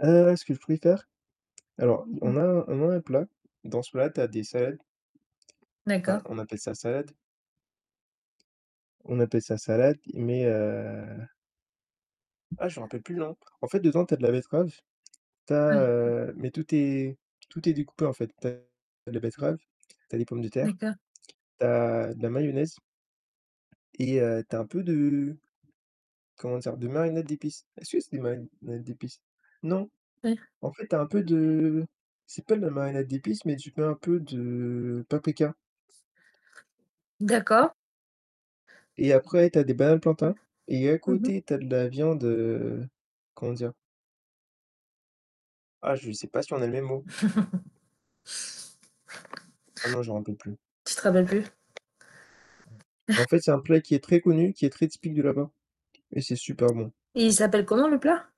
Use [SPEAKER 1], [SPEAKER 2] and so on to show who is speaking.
[SPEAKER 1] Heu, ce que je préfère? Alors,
[SPEAKER 2] Mmh.
[SPEAKER 1] on a on a un plat, dans ce plat, tu as des salades. Enfin,
[SPEAKER 2] D'accord.
[SPEAKER 1] on appelle ça «salade» on appelle ça «salade», mais, heu Ah, je me rappelle plus le nom. En fait, dedans, tu as de la betterave, tu as
[SPEAKER 2] Mmh.
[SPEAKER 1] heu mais tout est tout est découpé en fait. Tu as de la betterave, tu as des pommes de terre,
[SPEAKER 2] D'accord.
[SPEAKER 1] tu as de la mayonnaise. Et, heu, tu as un peu de, comment dire? De marinade d'épices. Est-ce que c'est des marinades d'épices? Non.
[SPEAKER 2] Ouais.
[SPEAKER 1] En fait, tu as un peu de c'est pas de la marinade d'épices, mais tu mets un peu de paprika.
[SPEAKER 2] D'accord.
[SPEAKER 1] Et après, tu as des bananes
[SPEAKER 2] Ouais,
[SPEAKER 1] plantains, et à
[SPEAKER 2] mmh mh.
[SPEAKER 1] côté, tu as de la viande, heu, comment dire? Ah, je sais pas si on a le même mot. Ah, non, je m'en rappelle plus.
[SPEAKER 2] Tu te rappelles plus.
[SPEAKER 1] Ouais. Bah en fait, c'est un plat qui est très connu, qui est très typique de là-bas, et c'est super bon.
[SPEAKER 2] Et il s'appelle comment le plat?